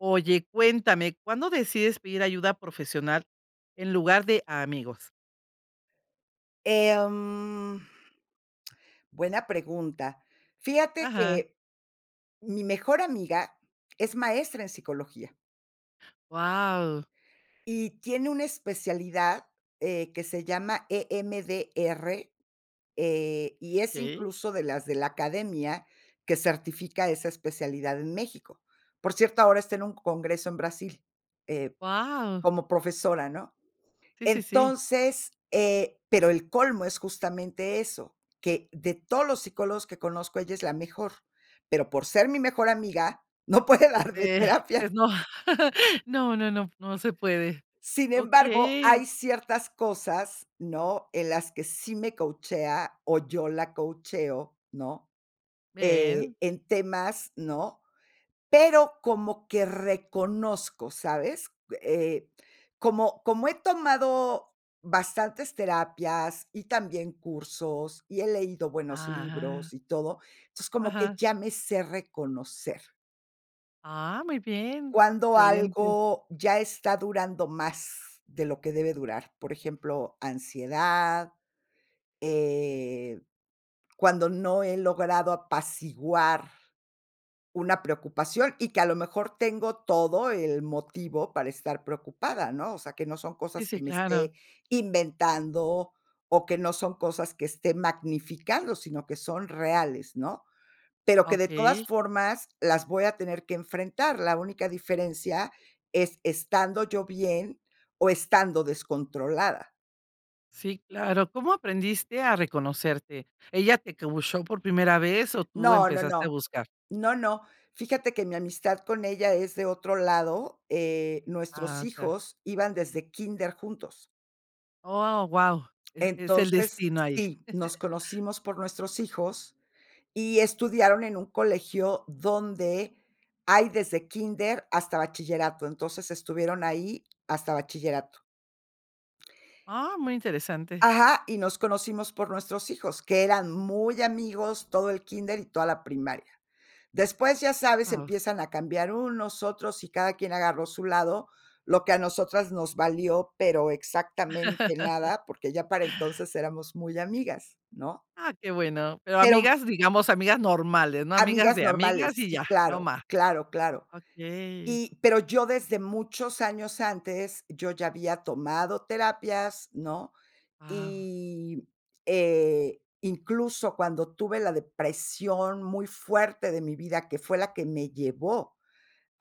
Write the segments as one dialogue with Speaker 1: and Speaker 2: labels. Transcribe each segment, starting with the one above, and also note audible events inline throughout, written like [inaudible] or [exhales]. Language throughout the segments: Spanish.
Speaker 1: Oye, cuéntame, ¿cuándo decides pedir ayuda profesional en lugar de a amigos?
Speaker 2: Em, [smacks lips] buena pregunta. Fíjate
Speaker 1: Ajá.
Speaker 2: que, mi mejor amiga es maestra en psicología.
Speaker 1: Guau.
Speaker 2: Y tiene una especialidad, eh, que se llama E-M-D-R, eh, y es
Speaker 1: Okey.
Speaker 2: incluso de las de la academia que certifica esa especialidad en México. Por cierto, ahora está en un congreso en Brasil, eh,
Speaker 1: Guau.
Speaker 2: como profesora, ¿no?
Speaker 1: Sí, sí, sí.
Speaker 2: Entonces, eh, pero el colmo es justamente eso, que de todos los psicólogos que conozco, ella es la mejor, pero por ser mi mejor amiga, no puede darme
Speaker 1: Eh,
Speaker 2: terapia.
Speaker 1: pues no. [chuckles] No, no, no, no se puede.
Speaker 2: Sin embargo,
Speaker 1: Okey.
Speaker 2: hay ciertas cosas, ¿no? En las que sí me coachea o yo la coacheo, ¿no? Eh,
Speaker 1: Bien.
Speaker 2: en temas, ¿no? Pero como que reconozco, ¿sabes? Eh, como como he tomado bastantes terapias y también cursos, y he leído buenos
Speaker 1: Ajá.
Speaker 2: libros y todo, entonces, como que
Speaker 1: Ajá.
Speaker 2: ya me se reconocer.
Speaker 1: Ah, muy bien.
Speaker 2: Cuando
Speaker 1: Excelente.
Speaker 2: algo ya está durando más de lo que debe durar. Por ejemplo, ansiedad, eh, cuando no he logrado apaciguar una preocupación, y que a lo mejor tengo todo el motivo para estar preocupada, ¿no? O sea, que no son
Speaker 1: Sí,
Speaker 2: cosas que
Speaker 1: sí,
Speaker 2: me
Speaker 1: claro.
Speaker 2: esté inventando o que no son cosas que esté magnificando, sino que son reales, ¿no? Pero que de todas
Speaker 1: Okey.
Speaker 2: formas las voy a tener que enfrentar. La única diferencia es estando yo bien o estando descontrolada.
Speaker 1: Sí, claro. ¿Cómo aprendiste a reconocerte? ¿Ella te coacheó por primera vez o tú
Speaker 2: No, no,
Speaker 1: empezaste a
Speaker 2: no.
Speaker 1: buscar?
Speaker 2: No, no. Fíjate que mi amistad con ella es de otro lado, eh, nuestros
Speaker 1: Ah, ajá.
Speaker 2: hijos iban desde kínder juntos.
Speaker 1: ¡Oh, guau!, es es el
Speaker 2: Entonces,
Speaker 1: destino ahí.
Speaker 2: sí, nos
Speaker 1: [chuckles]
Speaker 2: conocimos por nuestros hijos y estudiaron en un colegio donde hay desde kínder hasta bachillerato. Entonces, estuvieron ahí hasta bachillerato.
Speaker 1: Ah, muy interesante.
Speaker 2: Ajá, y nos conocimos por nuestros hijos, que eran muy amigos, todo el kinder y toda la primaria. Después, ya sabes,
Speaker 1: Guau.
Speaker 2: empiezan a cambiar unos, otros y cada quien agarró su lado, lo que a nosotras nos valió, pero exactamente
Speaker 1: [chuckles]
Speaker 2: nada, porque ya para entonces éramos muy amigas, ¿no?
Speaker 1: Ah, qué bueno, pero
Speaker 2: Pero
Speaker 1: amigas, digamos, amigas normales, ¿no?, amigas
Speaker 2: amigas
Speaker 1: de
Speaker 2: normales,
Speaker 1: amigas, y
Speaker 2: sí,
Speaker 1: ya
Speaker 2: claro,
Speaker 1: nomás.
Speaker 2: claro, claro.
Speaker 1: Okey.
Speaker 2: Y, pero yo desde muchos años antes yo ya había tomado terapias, ¿no?,
Speaker 1: Guau.
Speaker 2: y, eh, incluso cuando tuve la depresión muy fuerte de mi vida, que fue la que me llevó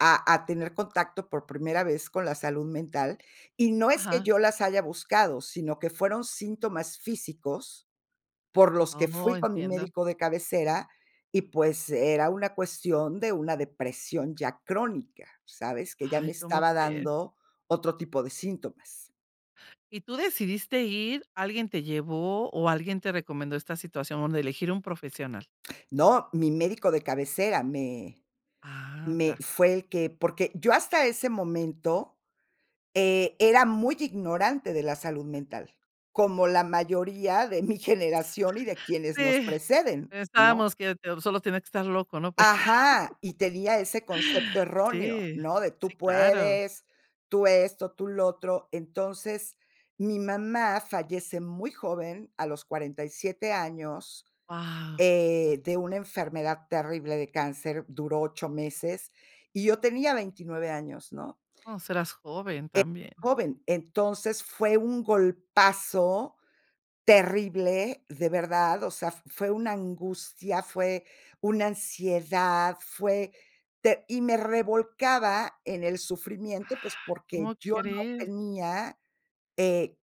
Speaker 2: a a tener contacto por primera vez con la salud mental. Y no es que
Speaker 1: Ajá.
Speaker 2: yo las haya buscado, sino que fueron síntomas físicos, por los que
Speaker 1: Oh,
Speaker 2: fui con mi
Speaker 1: entiendo.
Speaker 2: médico de cabecera y, pues, era una cuestión de una depresión ya crónica, ¿sabes?, que ya
Speaker 1: Ay,
Speaker 2: me
Speaker 1: ¿como,
Speaker 2: estaba
Speaker 1: crees?
Speaker 2: dando otro tipo de síntomas.
Speaker 1: ¿Y tú decidiste ir? ¿Alguien te llevó o alguien te recomendó esta situación donde elegir un profesional?
Speaker 2: No. Mi médico de cabecera me
Speaker 1: Ah,
Speaker 2: me
Speaker 1: ya.
Speaker 2: fue el que porque yo hasta ese momento, eh, era muy ignorante de la salud mental, como la mayoría de mi generación y de
Speaker 1: [giggles]
Speaker 2: quienes nos
Speaker 1: Sí,
Speaker 2: preceden, ¿no?
Speaker 1: pensábamos que te solo tiene que estar loco, ¿no?, para ir
Speaker 2: ¡Ajá!, y tenia ese concepto
Speaker 1: a [laughs]
Speaker 2: erróneo,
Speaker 1: Sí,
Speaker 2: ¿no?, de:
Speaker 1: sí,
Speaker 2: "Tú
Speaker 1: claro.
Speaker 2: puedes, tú esto, tú lo otro". Entonces, mi mamá fallece muy joven, a los 47 años,
Speaker 1: Guau.
Speaker 2: eh, de una enfermedad terrible de cáncer, duró 8 meses, y yo tenía 29 años, ¿no?
Speaker 1: No, si, eras joven
Speaker 2: Eh,
Speaker 1: también.
Speaker 2: joven, entonces, fue un golpazo terrible, de verdad, o sea, fue una angustia, fue una ansiedad, fue te y me revolcaba en el sufrimiento, pues,
Speaker 1: [exhales]
Speaker 2: porque
Speaker 1: ¿Cómo
Speaker 2: yo no
Speaker 1: crees?
Speaker 2: tenía, eh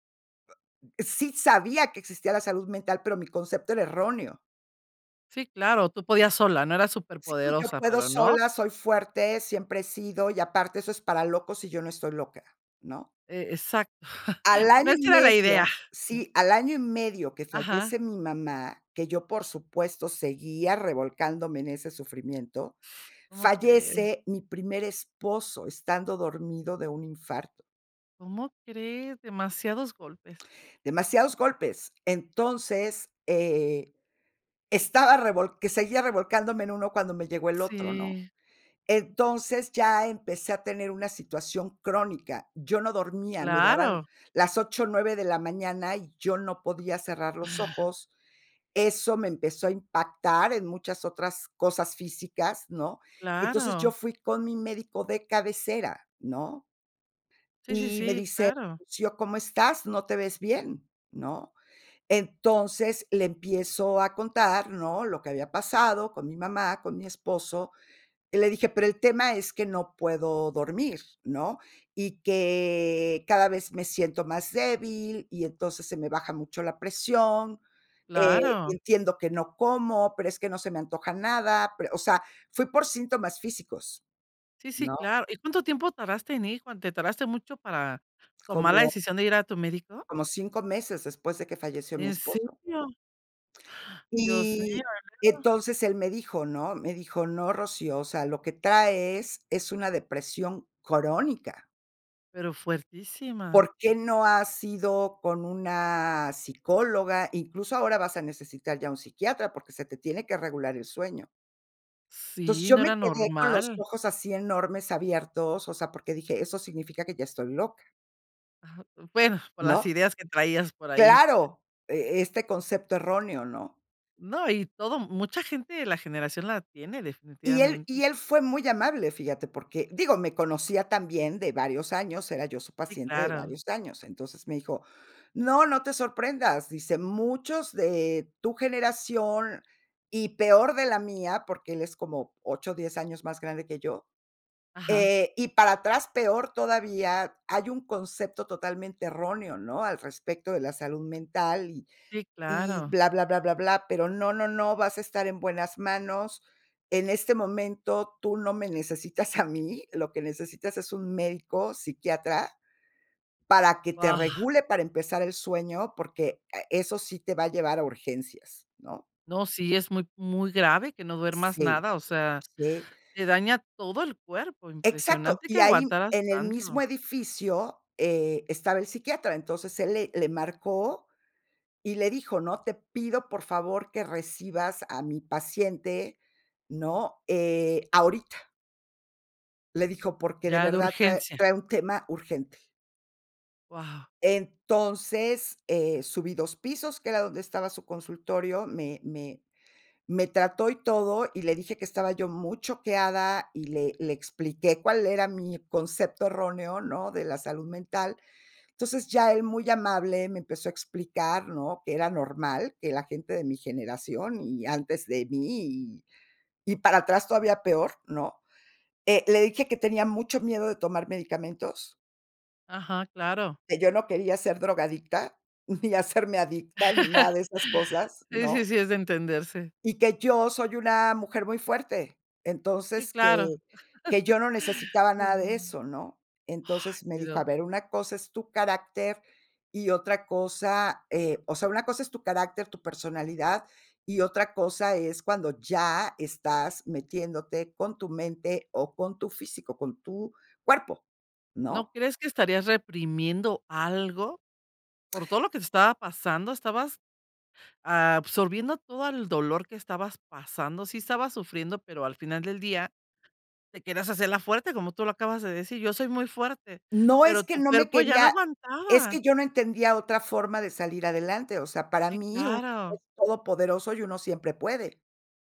Speaker 2: sí sabía que existía la salud mental, pero mi concepto era erróneo.
Speaker 1: Sí, claro, tú podías sola, ¿no?, eras
Speaker 2: Sí, yo
Speaker 1: superpoderosa,
Speaker 2: puedo
Speaker 1: pero no.
Speaker 2: sola, soy fuerte, siempre he sido, y aparte eso es para locos y yo no estoy loca, ¿no?
Speaker 1: E exacto. [chuckles]
Speaker 2: Al
Speaker 1: No,
Speaker 2: año y
Speaker 1: esa era la idea.
Speaker 2: medio sí, al año y medio que
Speaker 1: Ajá.
Speaker 2: fallece mi mamá, que yo, por supuesto, seguía revolcándome en ese sufrimiento,
Speaker 1: ¿Cómo crees?
Speaker 2: fallece mi primer esposo estando dormido, de un infarto.
Speaker 1: ¿Cómo crees? Demasiados golpes.
Speaker 2: Demasiados golpes. Entonces, eh, estaba revolc que seguía revolcándome en uno, cuando me llegó el otro, ¿no?
Speaker 1: Sí.
Speaker 2: Entonces, ya empecé a tener una situación crónica. Yo no dormía, me daban
Speaker 1: Claro.
Speaker 2: las 8, 9 de la mañana, y yo no podía cerrar los
Speaker 1: [gasps]
Speaker 2: ojos. Eso me empezó a impactar en muchas otras cosas físicas, ¿no? Entonces, yo
Speaker 1: Claro.
Speaker 2: fui con mi médico de cabecera, ¿no?
Speaker 1: Sí, sí,
Speaker 2: Y me
Speaker 1: sí.
Speaker 2: dice:
Speaker 1: Claro.
Speaker 2: "Rocío, ¿cómo estás?, no te ves bien", ¿no? Entonces, le empiezo a contar, ¿no?, lo que había pasado con mi mamá, con mi esposo, y le dije: "Pero el tema es que no puedo dormir", ¿no?, y que: "cada vez me siento más débil, y entonces se me baja mucho la presión, eh,
Speaker 1: Claro.
Speaker 2: entiendo que no como, pero es que no se me antoja nada, pero" O sea, fui por síntomas físicos,
Speaker 1: Sí, sí,
Speaker 2: ¿no?
Speaker 1: claro. ¿Y cuánto tiempo tardaste en ir con te tardaste mucho para tomar la
Speaker 2: Como
Speaker 1: decisión de ir a tu médico?
Speaker 2: Como 5 meses después de que falleció mi
Speaker 1: ¿En serio?
Speaker 2: esposo.
Speaker 1: [gasps] Dios mío, ¿y
Speaker 2: Y,
Speaker 1: luego?
Speaker 2: entonces, él me dijo, ¿no? Me dijo: "No, Rocío, o sea, lo que traes es una depresión crónica".
Speaker 1: Pero fuertísima.
Speaker 2: ¿Por qué no has ido con una psicóloga? Incluso ahora vas a necesitar ya un psiquiatra, porque se te tiene que regular el sueño. Entonces,
Speaker 1: Sí,
Speaker 2: yo
Speaker 1: no
Speaker 2: me
Speaker 1: era
Speaker 2: quedé con los
Speaker 1: normal.
Speaker 2: ojos así enormes, abiertos, o sea, porque dije, eso significa que ya estoy loca
Speaker 1: Aja. Bueno, por las
Speaker 2: ¿no?
Speaker 1: ideas que traías por ahí.
Speaker 2: Claro, e este concepto erróneo, ¿no?
Speaker 1: No, y todo m mucha gente de la generación la tiene
Speaker 2: Y él
Speaker 1: definitivamente.
Speaker 2: y él fue muy amable, fíjate, porque digo, me conocía también de varios años, era yo su
Speaker 1: Sí,
Speaker 2: paciente de
Speaker 1: claro.
Speaker 2: varios años. Entonces, me dijo: "No, no te sorprendas", dice, "muchos de tu generación y peor de la mía", porque él es como 8, 10 años más grande que yo,
Speaker 1: Ajá.
Speaker 2: eh, "y para atrás peor todavía, hay un concepto totalmente erróneo, ¿no?, al respecto de la salud mental y
Speaker 1: Sí,
Speaker 2: y
Speaker 1: claro.
Speaker 2: bla, bla, bla, bla, pero no, no, no, vas a estar en buenas manos. En este momento tú no me necesitas a mí, lo que necesitas es un médico psiquiatra para que te
Speaker 1: Guau.
Speaker 2: regule para empezar el sueño, porque, a eso sí te va a llevar a urgencias", ¿no?
Speaker 1: No, sí, es muy muy grave que no duermas
Speaker 2: Sí,
Speaker 1: nada, o sea,
Speaker 2: sí.
Speaker 1: te daña todo el cuerpo.
Speaker 2: Exacto,
Speaker 1: Impresionante que
Speaker 2: y ahí, m
Speaker 1: aguantaras
Speaker 2: en el mismo
Speaker 1: tanto.
Speaker 2: edificio, eh, estaba el psiquiatra, entonces él le le marcó y le dijo, ¿no?, "Te pido, por favor, que recibas a mi paciente", ¿no?, eh, "ahorita". Le dijo, porque de
Speaker 1: Ya de
Speaker 2: verdad trae
Speaker 1: urgencia.
Speaker 2: trae un tema urgente.
Speaker 1: Guau.
Speaker 2: Entonces, eh, subí 2 pisos, que era donde estaba su consultorio, me me me trató y todo, y le dije que estaba yo muy choqueada, y le le expliqué cuál era mi concepto erróneo, ¿no?, de la salud mental. Entonces, ya él muy amable me empezó a explicar, ¿no?, que era normal que la gente de mi generación, y antes de mí, y y para atrás todavía peor, ¿no? Eh, le dije que tenía mucho miedo de tomar medicamentos
Speaker 1: Ajá, claro.
Speaker 2: que yo no quería ser drogadicta, ni hacerme adicta, ni nada de esas
Speaker 1: [laughs]
Speaker 2: cosas,
Speaker 1: Sí, sí,
Speaker 2: ¿no?
Speaker 1: sí, es de entenderse.
Speaker 2: y que yo soy una mujer muy fuerte.
Speaker 1: Sí,
Speaker 2: Entonces,
Speaker 1: claro. [chuckles]
Speaker 2: que que yo no necesitaba nada de
Speaker 1: Mm.
Speaker 2: eso, ¿no?
Speaker 1: Ay,
Speaker 2: Entonces, me dijo:
Speaker 1: pero
Speaker 2: "A ver, una cosa es tu carácter y otra cosa, eh, o sea, una cosa es tu carácter, tu personalidad, y otra cosa es cuando ya estás metiéndote con tu mente, o, con tu físico, con tu cuerpo",
Speaker 1: ¿No
Speaker 2: ¿no?
Speaker 1: crees que estarías reprimiendo algo? Por todo lo que te estaba pasando, estabas absorbiendo todo el dolor que estabas pasando. Sí estabas sufriendo, pero al final del día te querías hacer la fuerte, como tú lo acabas de decir. Yo soy muy fuerte,
Speaker 2: No es
Speaker 1: ¡pero
Speaker 2: que
Speaker 1: tu
Speaker 2: no me
Speaker 1: cuerpo ya no
Speaker 2: quería es que
Speaker 1: aguantaba!
Speaker 2: yo no entendía otra forma de salir adelante, o sea, para
Speaker 1: Sí,
Speaker 2: mí uno es
Speaker 1: claro.
Speaker 2: todopoderoso, y uno siempre puede.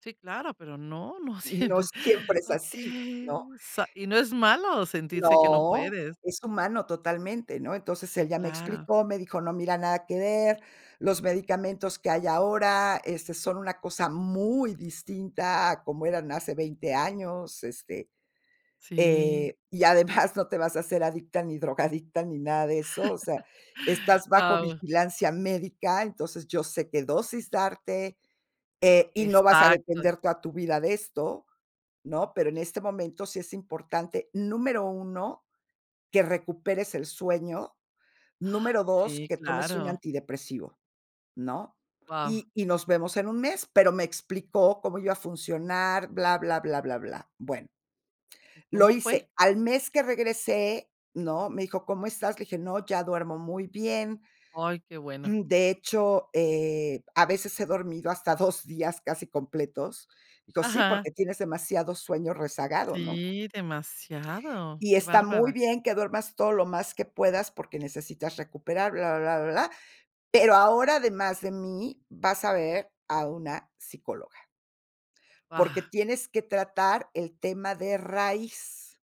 Speaker 1: Sí, claro, pero no, no
Speaker 2: Y
Speaker 1: siemp
Speaker 2: no siempre es así, ¿no?
Speaker 1: Okey. Sa Y no es malo sentirse que no
Speaker 2: No,
Speaker 1: puedes.
Speaker 2: es humano totalmente, ¿no? Entonces,
Speaker 1: Sí,
Speaker 2: él ya me
Speaker 1: claro.
Speaker 2: explicó, me dijo: "No mira nada que ver, los medicamentos que hay ahora, este, son una cosa muy distinta a como eran hace 20 años, este,
Speaker 1: Sí.
Speaker 2: eh, y además no te vas a hacer adicta, ni drogadicta, ni nada de eso, o sea,
Speaker 1: [laughs]
Speaker 2: estás bajo
Speaker 1: Guau.
Speaker 2: vigilancia médica, entonces yo sé qué dosis darte, eh, y no vas a
Speaker 1: Exacto.
Speaker 2: depender toda tu vida de esto, ¿no? Pero en este momento sí es importante, número 1, que recuperes el sueño.
Speaker 1: Ay
Speaker 2: Número 2,
Speaker 1: sí,
Speaker 2: que tomes un
Speaker 1: claro.
Speaker 2: antidepresivo, ¿no?
Speaker 1: Guau.
Speaker 2: Y y nos vemos en 1 mes", pero me explicó cómo iba a funcionar, bla, bla, bla, bla, bla. Bueno
Speaker 1: ¿Y
Speaker 2: lo
Speaker 1: cómo fue?
Speaker 2: hice. Al mes que regresé, ¿no? Me dijo: "¿Cómo estás?". Le dije: "No, ya duermo muy bien"
Speaker 1: Ay, qué bueno.
Speaker 2: "de hecho, eh, a veces he dormido hasta 2 días casi completos. Dijo: "Sí,
Speaker 1: Ajá.
Speaker 2: porque tienes demasiado sueño rezagado", ¿no?
Speaker 1: Sí, demasiado,
Speaker 2: "y
Speaker 1: qué
Speaker 2: está muy
Speaker 1: bárbara.
Speaker 2: bien que duermas todo lo más que puedas porque necesitas recuperar bla, bla, bla, bla, bla. Pero ahora, además de mí, vas a ver a una psicóloga," "porque
Speaker 1: Ah.
Speaker 2: tienes que tratar el tema de raíz".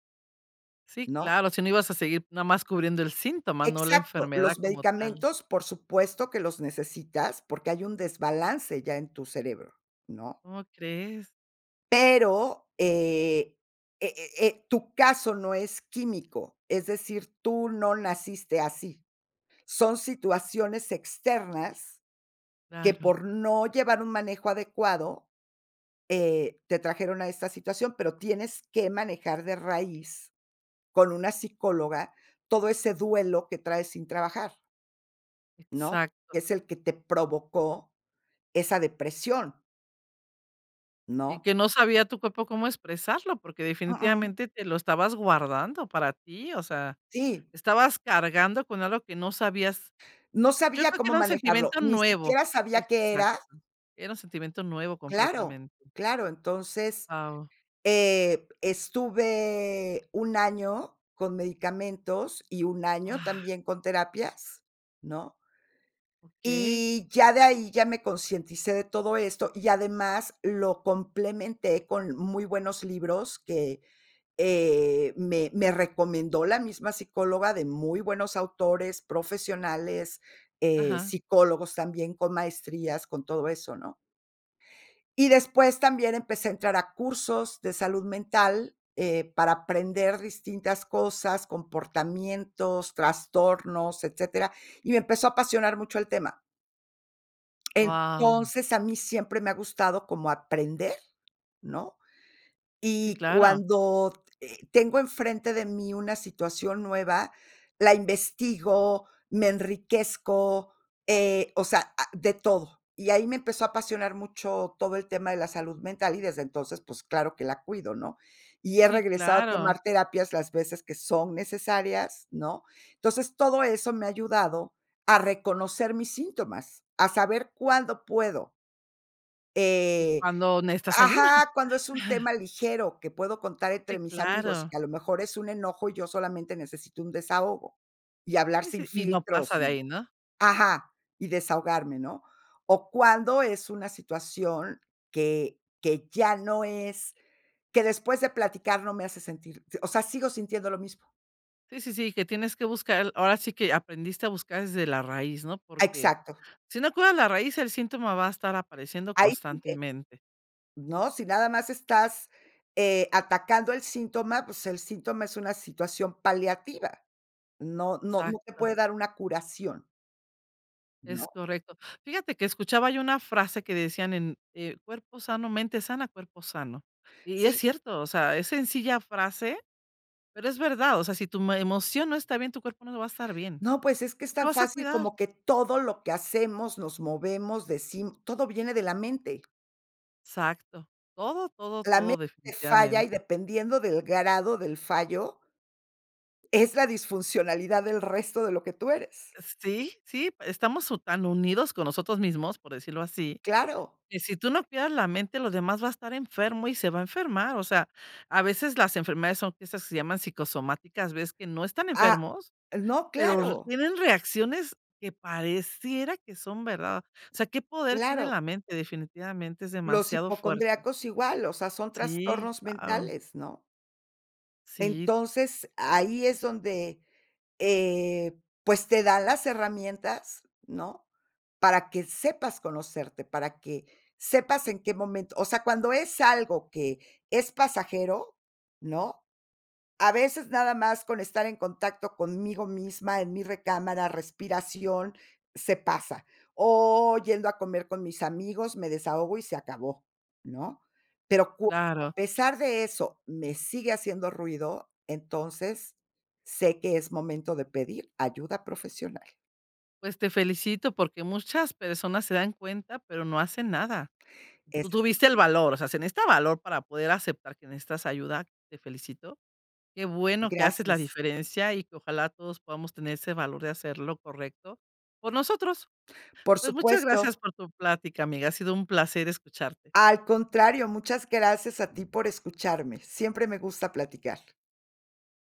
Speaker 1: Sí,
Speaker 2: ¿No?
Speaker 1: claro, si no ibas a seguir nada más cubriendo el síntoma, no la
Speaker 2: Exacto,
Speaker 1: enfermedad
Speaker 2: los
Speaker 1: como tal.
Speaker 2: medicamentos, por supuesto, que los necesitas, porque hay un desbalance ya en tu cerebro, ¿no?
Speaker 1: ¿Cómo crees?
Speaker 2: Pero, eh eh eh eh, tu caso no es químico, es decir, tú no naciste así. Son situaciones externas que
Speaker 1: Claro.
Speaker 2: por no llevar un manejo adecuado, eh, te trajeron a esta situación, pero tienes que manejar de raíz con una psicóloga, todo ese duelo que trae sin trabajar ¿no?
Speaker 1: Exacto.
Speaker 2: Que es el que te provocó esa depresión
Speaker 1: Y
Speaker 2: ¿no?
Speaker 1: que no sabía tu papá cómo expresarlo porque,
Speaker 2: Uh-uh.
Speaker 1: definitivamente, te lo estabas guardando para ti, o sea,
Speaker 2: Sí.
Speaker 1: estabas cargando con algo que no sabías.
Speaker 2: No
Speaker 1: Yo
Speaker 2: sabía
Speaker 1: creo que
Speaker 2: cómo
Speaker 1: era un
Speaker 2: manejarlo,
Speaker 1: sentimiento
Speaker 2: ni
Speaker 1: nuevo.
Speaker 2: siquiera sabía qué
Speaker 1: Exacto.
Speaker 2: era.
Speaker 1: Era un sentimiento nuevo,
Speaker 2: Claro,
Speaker 1: completamente.
Speaker 2: claro, entonces,
Speaker 1: Guau.
Speaker 2: eh, estuve un año con medicamentos y un año
Speaker 1: Guau.
Speaker 2: también con terapias, ¿no?
Speaker 1: Okey.
Speaker 2: Y, ya de ahí, ya me concienticé de todo esto. Y, además, lo complementé con muy buenos libros que, eh, me me recomendó la misma psicóloga de muy buenos autores, profesionales, eh,
Speaker 1: Ajá.
Speaker 2: psicólogos, también con maestrías, con todo eso, ¿no? Y después también empecé a entrar a cursos de salud mental, eh, para aprender distintas cosas, comportamientos, trastornos, etcétera, y me empezó a apasionar mucho el tema.
Speaker 1: Wao.
Speaker 2: Entonces, a mí siempre me ha gustado como aprender, ¿no?
Speaker 1: Sí,
Speaker 2: Y
Speaker 1: claro.
Speaker 2: cuando, eh, tengo enfrente de mí una situación nueva, la investigo, me enriquezco, eh, o sea, ah, de todo, y ahí me empezó a apasionar mucho todo el tema de la salud mental, y desde entonces, pues, claro que la cuido, ¿no? Y he
Speaker 1: Sí,
Speaker 2: regresado a
Speaker 1: claro.
Speaker 2: tomar terapias las veces que son necesarias, ¿no? Entonces, todo eso me ha ayudado a reconocer mis síntomas, a saber cuándo puedo.
Speaker 1: Y
Speaker 2: Eh,
Speaker 1: cuándo necesitas ayuda.
Speaker 2: ajá, cuando es un tema ligero que puedo contar entre
Speaker 1: Sí,
Speaker 2: mis amigos, y
Speaker 1: claro.
Speaker 2: que a lo mejor es un enojo, y yo solamente necesito un desahogo, y hablar
Speaker 1: Sí,
Speaker 2: sin
Speaker 1: sí, y no
Speaker 2: filtros
Speaker 1: pasa de
Speaker 2: y
Speaker 1: ahí, ¿no?
Speaker 2: ajá, y desahogarme, ¿no? O, cuándo es una situación que que ya no es que después de platicar no me hace sentir o sea, sigo sintiendo lo mismo.
Speaker 1: Sí, sí, sí que tienes que buscar ahora sí que aprendiste a buscar desde la raíz, ¿no? Porque
Speaker 2: Exacto.
Speaker 1: si no cuidas la raíz, el síntoma va a estar apareciendo
Speaker 2: Ahí sigue,
Speaker 1: constantemente.
Speaker 2: ¿no? Si nada más estás, eh, atacando el síntoma, pues, el síntoma es una situación paliativa, no, no, no te
Speaker 1: Exacto.
Speaker 2: puede dar una curación
Speaker 1: Es
Speaker 2: ¿no?
Speaker 1: correcto, fíjate que escuchaba yo una frase que decían: "En en cuerpo sano, mente sana, cuerpo sano", y es
Speaker 2: Sí.
Speaker 1: cierto, o sea, es sencilla frase, pero es verdad, o sea, si tu, mm, emoción no está bien, tu cuerpo no va a estar bien,
Speaker 2: No, pues, es que es
Speaker 1: lo
Speaker 2: tan
Speaker 1: vas a
Speaker 2: fácil
Speaker 1: cuidar.
Speaker 2: como que todo lo que hacemos nos movemos, decim todo viene de la mente.
Speaker 1: Exacto. Todo, todo,
Speaker 2: La
Speaker 1: todo
Speaker 2: mente falla y
Speaker 1: definitivamente.
Speaker 2: dependiendo del grado del fallo es la disfuncionalidad del resto de lo que tú eres.
Speaker 1: Eh sí, sí, estamos u tan unidos con nosotros mismos, por decirlo así,
Speaker 2: Claro.
Speaker 1: que si tú no cuidas la mente, lo demás va a estar enfermo y se va a enfermar. O sea, a veces las enfermedades son esas que se llaman psicosomáticas, ves que no están
Speaker 2: Ah,
Speaker 1: enfermos,
Speaker 2: no
Speaker 1: pero r
Speaker 2: claro.
Speaker 1: tienen reacciones que pareciera que son verdad. O sea, qué poder tiene
Speaker 2: Claro.
Speaker 1: la mente definitivamente, es
Speaker 2: Los
Speaker 1: demasiado fuerte.
Speaker 2: hipocondríacos igual, o sea, son
Speaker 1: Sí,
Speaker 2: trastornos
Speaker 1: guau.
Speaker 2: mentales, ¿no?
Speaker 1: Sí.
Speaker 2: Entonces, ahí es donde, eh, pues, te da las herramientas, ¿no? Para que sepas conocerte, para que sepas en qué momento. O sea, cuando es algo que es pasajero, ¿no? A veces nada más con estar en contacto conmigo misma, en mi recámara, respiración, se pasa. O, yendo a comer con mis amigos, me desahogo y se acabó, ¿no? Pero cuando
Speaker 1: Claro.
Speaker 2: a pesar de eso, me sigue haciendo ruido, entonces sé que es momento de pedir ayuda profesional.
Speaker 1: Pues, te felicito porque muchas personas se dan cuenta, pero no hacen nada. Tú
Speaker 2: Ese es el.
Speaker 1: tuviste el
Speaker 2: [unintelligible]
Speaker 1: valor, o sea, se necesita valor para poder aceptar que necesitas ayuda, te felicito. Qué bueno que haces la
Speaker 2: Gracias.
Speaker 1: diferencia, y que ojalá todos podamos tener ese valor de hacer, lo correcto por nosotros.
Speaker 2: Por
Speaker 1: Pues, muchas gracias
Speaker 2: supuesto.
Speaker 1: por tu plática, amiga. Ha sido un placer escucharte.
Speaker 2: Al contrario, muchas gracias a ti por escucharme. Siempre me gusta platicar.